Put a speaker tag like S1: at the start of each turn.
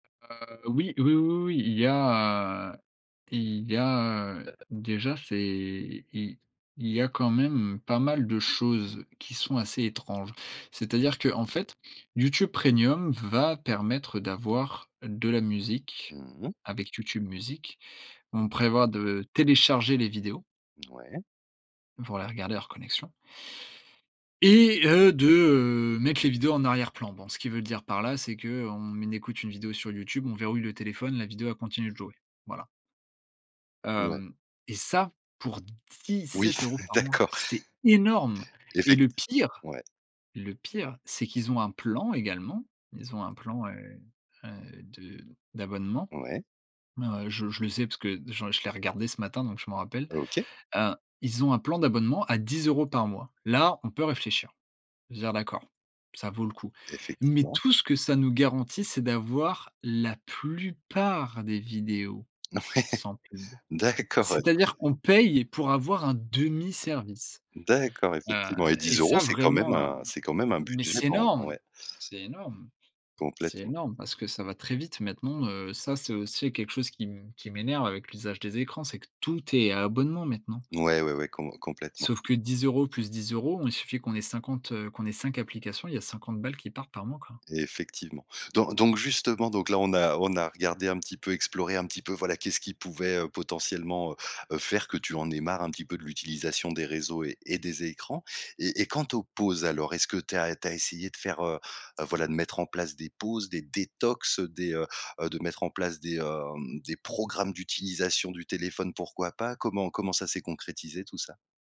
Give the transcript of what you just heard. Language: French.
S1: Heu, oui, oui, oui, oui, oui, il y a, heu il y a, heu déjà c'est il il y a quand même pas mal de choses qui sont assez étranges. C'est-à-dire qu'en fait, YouTube Premium va permettre d'avoir de la musique
S2: Mmh mh.
S1: avec YouTube Music. On prévoit de télécharger les vidéos
S2: Ouais.
S1: pour les regarder hors connexion et heu, de, heu, mettre les vidéos en arrière-plan. Bon, ce qu'ils veulent dire par là, c'est qu'on écoute une vidéo sur YouTube, on verrouille le téléphone, la vidéo elle continue de jouer. Voilà
S2: Ouais.
S1: hem et ça, pour dix
S2: Oui
S1: sept
S2: s
S1: euros par mois!
S2: d'accord.
S1: C'est énorme et
S2: Effect
S1: le pire
S2: ouais.
S1: le pire, c'est qu'ils ont un plan également. Ils ont un plan, heu, heu, de d'abonnement.
S2: Ouais.
S1: Heu, je je le sais parce que je je l'ai regardé ce matin, donc je m'en rappelle.
S2: OK.
S1: Hein, ils ont un plan d'abonnement à 10 € par mois. Là, on peut réfléchir. Je veux dire d'accord, ça vaut le coup. Mais
S2: Effectivement.
S1: tout ce que ça nous garantit, c'est d'avoir la plupart des vidéos
S2: Ouais.
S1: sans pub.
S2: D'accord. Ouais.
S1: C'est-à-dire qu'on paye pour avoir un demi-service.
S2: D'accord
S1: Heu
S2: effectivement. Et
S1: et
S2: 10 €
S1: ça
S2: c'est quand même
S1: vraiment, heu
S2: un c'est quand même un
S1: mais
S2: budget
S1: c'est
S2: dans
S1: énorme,
S2: ouais.
S1: c'est énorme, c'est
S2: Complètement.
S1: énorme. Parce que ça va très vite maintenant, heu, ça c'est aussi quelque chose qui mmh, qui m'énerve avec l'usage des écrans, c'est que tout est à abonnement maintenant
S2: Ouais, ouais, ouais, com complètement.
S1: sauf que 10 € plus 10 €, il suffit qu'on ait 50, heu, qu'on ait 5 applications. Il y 50 balles qui partent par mois quoi.
S2: Effectivement. Don donc, justement, donc là, on a on a regardé un petit peu, exploré un petit peu, voilà, qu'est-ce qui pouvait, heu, potentiellement, heu, heu, faire que tu en aies marre un petit peu de l'utilisation des réseaux et et des écrans et et quant aux pauses, alors. Est-ce que tu as tu as essayé de faire, heu, heu, voilà de mettre en place des pauses, des détox, heu, des, heu, heu, de mettre en place des, hem, des programmes d'utilisation du téléphone pourquoi pas? Comment comment ça s'est concrétisé tout ça?